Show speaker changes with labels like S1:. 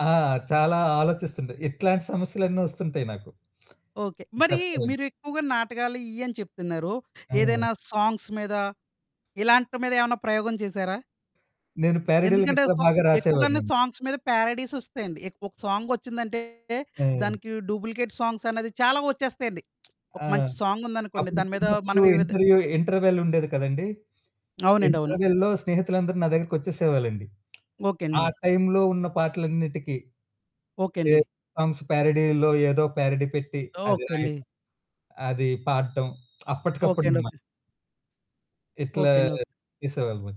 S1: ఆ! చాలా ఆలోచిస్తుంట. ఇట్లాంటి సమస్యలన్ని వొస్తుంటాయి నాకు.
S2: ఓకే. మరీ మీరు
S1: చెప్పాలంటే.
S2: ఎక్కువగా నాటకాలు ఇయ్యని చెప్తున్నారు.
S1: ఆ!
S2: ఏదైనా సాంగ్స్ మీద, ఇలాంటి మీద ఏమైనా ప్రయోగం చేసారా?
S1: నేను పారడీలు
S2: ఎందుకంటే
S1: గట్రా
S2: స
S1: బాగా
S2: ఎక్కువగాను
S1: రాసేవాడిని.
S2: సాంగ్స్ మీద పారడీస్ ఒస్తాయండి. ఎక్ ఒక సాంగ్ వొచ్చిందంటే
S1: ఆ!
S2: దానికి డూప్లికేట్ సాంగ్స్ అన్నది చాలా వొచ్చేస్తాయండి. ఒక
S1: ఆ!
S2: మంచి సాంగ్ ఉందనుకోండి,
S1: అప్పుడు
S2: దాని మీద మనం
S1: చిన్నప్పుడు
S2: వివిధ
S1: ఇంటర్వ్యూ ఇంటర్వెల్ ఉండేది కదండీ!
S2: అవునండి. అవును.
S1: ఇంటర్వెల్‌లో స్నేహితులందరూ నా దగ్గరకొచ్చేసేవాళ్ళండి.
S2: ఓకే అండి.
S1: ఆ టైంలో ఉన్న పాటలన్నిటికి
S2: ఓకే
S1: ఏ
S2: అండి.
S1: సాంగ్స్ పారడీల్లో, ఏదో పారడీ పెట్టి, అది
S2: ఓకే అండి.
S1: రాయడం. అది పాడటం
S2: ఓకే అండి.
S1: అప్పటికప్పుడనమాట.
S2: ఓకె.
S1: ఇట్లా
S2: ఓకే అండి. ఓకె.
S1: చేసేవాళ్ళము.